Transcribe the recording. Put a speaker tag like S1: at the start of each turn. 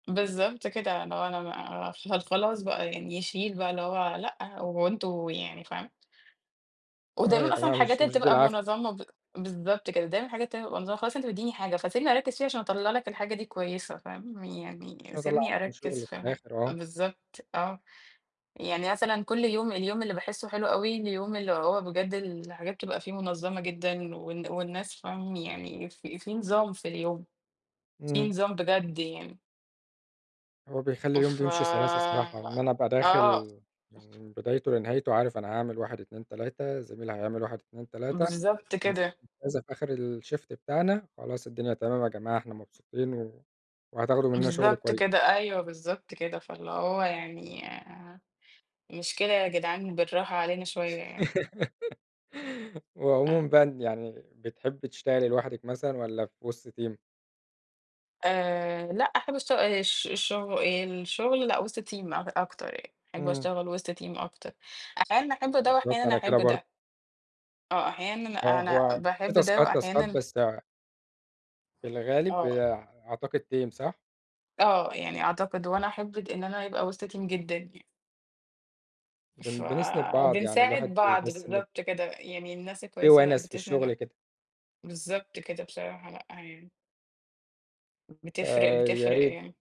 S1: بالضبط كده. اللي هو أنا ما أعرَفش هل خلاص بقى يعني يشيل بقى اللي هو لأ، هو أنتم يعني فاهم؟
S2: آه يا
S1: ودايمًا أصلًا
S2: جماعة،
S1: الحاجات
S2: مش
S1: اللي
S2: مش
S1: بتبقى
S2: بالعافية.
S1: مُنظَّمة ب بالضبط كده. دايمًا الحاجات التانية تبقى مُنظَّمة، خلاص أنت مدّيني حاجة، فسيبني أركِّز فيها عشان أطلّع لك الحاجة دي كويسة، فاهم، يعني
S2: عشان أطَلّع
S1: سيبني
S2: أحسَن
S1: أركّز
S2: شُغل
S1: في
S2: في
S1: حاج
S2: الآخِر، آه.
S1: بالضبط، آه. يعني مثلًا كلّ يوم، اليوم اللي باحسه حلو أوي، اليوم اللي هو بجد الحاجات بتبقى فيه مُنظّمة جدًا والن والناس، فاهم، يعني في في نظام في اليوم، فيه
S2: امم.
S1: نظام بجد يعني.
S2: هو بيخلّي اليوم
S1: ف
S2: بيمشي سريع على أساس الراحة، إن أنا أبقى
S1: آه.
S2: داخل من بدايته لنهايته عارف أنا هاعمل 1، 2، 3 زميلي هيعمل 1، 2، 3
S1: بالضبط
S2: هنسلّم
S1: كده.
S2: كذا في آخر الshift بتاعنا، خلاص الدنيا تمام يا جماعة، إحنا مبسوطين و وهتاخدوا منّنا شُغل
S1: بالضبط
S2: كويس.
S1: كده. أيوه، بالضبط كده. فاللي هو يعني مش كده يا جدعان، بالراحة علينا شوية يعني.
S2: هو
S1: آه.
S2: عمومًا بقى أن يعني، بتحبي تشتغلي لوحدِك مثلًا، والّا في وسط team؟
S1: آآ لأ إحنا بنشت آآ الش الشغ الشغل لأ، وِسط team أك أكتر يعني، أحب
S2: امم.
S1: أشتغل وسط team أكتر، أحيانًا باحب ده
S2: بالضبط،
S1: وأحيانًا
S2: أنا
S1: أحب
S2: كده برضه.
S1: ده. آه، أحيانًا
S2: آه،
S1: أنا
S2: هو في
S1: باحب ده،
S2: تاسكات، تاسكات
S1: وأحيانًا
S2: بس في الغالب،
S1: آه.
S2: آآ، أعتقد team صح؟
S1: آه، يعني أعتقد وأنا أحب اد إن أنا يبقى وسط team جدًا يع
S2: بن-بنِسند بعض، يعني الواحد
S1: فبنساعد بعض،
S2: بيحس إن
S1: بالضبط كده. يعني الناس
S2: في
S1: الكويسة لأ
S2: ونَس في
S1: بتسنِد ع
S2: الشغل كده.
S1: بالضبط كده، بصراحة لأ يعني. بتفرِق،
S2: آآ، يا
S1: بتفرِق
S2: ريت
S1: يعني.